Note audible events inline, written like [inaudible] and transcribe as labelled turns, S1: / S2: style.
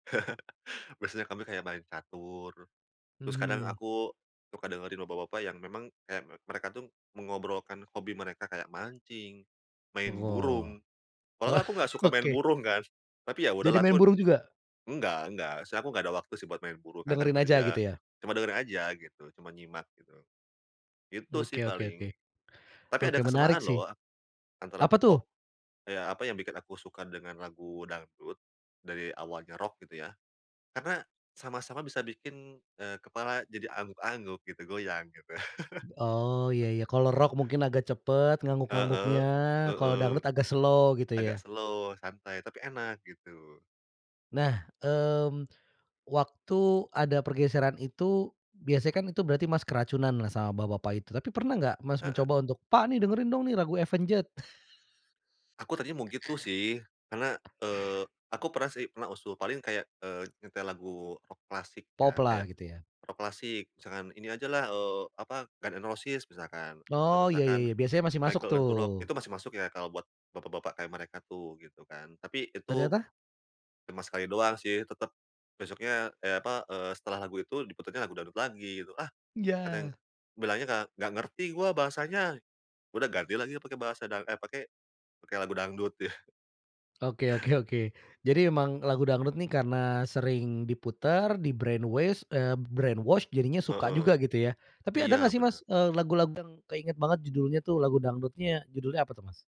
S1: [laughs] Biasanya kami kayak main catur. Terus kadang,
S2: Mhm.
S1: aku suka dengerin bapak-bapak yang memang kayak me mereka tuh mengobrolkan hobi mereka, kayak mancing, main
S2: Go
S1: burung. Padahal aku enggak suka main
S2: oke.
S1: burung kan, tapi ya
S2: Jadi
S1: udahlah
S2: main
S1: aku
S2: burung juga?
S1: enggak, enggak sih, aku enggak ada waktu sih buat main burung karena kan
S2: Dengerin aja
S1: kerja.
S2: gitu ya?
S1: Cuma dengerin aja gitu, cuma nyimak gitu. Itu sih
S2: Oke oke
S1: paling.
S2: oke
S1: Tapi ada
S2: Oke menarik
S1: kesamaan
S2: sih.
S1: loh antara
S2: Apa tuh?
S1: pop, eee, ya, apa yang bikin aku suka dengan lagu dangdut dari awalnya rock gitu ya. Karena sama-sama bisa bikin, eee, kepala jadi angguk-angguk gitu, goyang gitu.
S2: Oh iya iya, kalau rock
S1: [chuckles]
S2: mungkin agak cepet ngangguk-ngangguknya,
S1: Heeh,
S2: kalau
S1: heeh.
S2: dangdut agak slow gitu
S1: Agak
S2: ya?
S1: slow santai tapi enak gitu.
S2: Nah, mmm, waktu ada pergeseran itu biasanya kan itu berarti, Mas, keracunanlah sama bapak-bapak itu, tapi pernah gak Mas
S1: Heeh.
S2: mencoba untuk, "pak nih dengerin dong nih lagu Avenged."
S1: Aku tadinya mau gitu sih, karena,
S2: [laughs]
S1: eee, aku pernah sih pernah usul. Paling kayak, eee, nyetel lagu rock klasik
S2: Pop
S1: ya,
S2: lah
S1: kayak
S2: gitu ya.
S1: rock klasik. Misalkan ini aja lah, eee, apa Guns N' Roses misalkan, atau
S2: Oh, ya ya
S1: misalkan
S2: ya biasanya masih masuk
S1: Michael Learns to Rock itu
S2: tuh.
S1: masih masuk ya kalau buat bapak-bapak kayak mereka tuh gitu kan. Tapi itu
S2: Ternyata?
S1: cuma sekali doang sih. Tetap besoknya, eh, apa, eee, setelah lagu itu diputerinnya lagu dangdut lagi gitu. Ah,
S2: Ya.
S1: katanya bilangnya enggak, enggak ngerti gue bahasanya. Udah ganti lagi pakai bahasa da eh, pakai, pakai lagu dangdut. [chuckles]
S2: Oke oke oke. Jadi emang lagu dangdut nih karena sering diputar, di-brain waste, eee, brain wash, jadinya suka juga
S1: Heeh,
S2: gitu ya. Tapi ada
S1: iya
S2: enggak sih,
S1: bener.
S2: Mas, eee, lagu-lagu yang keinget banget judulnya tuh lagu dangdutnya judulnya apa tuh, Mas?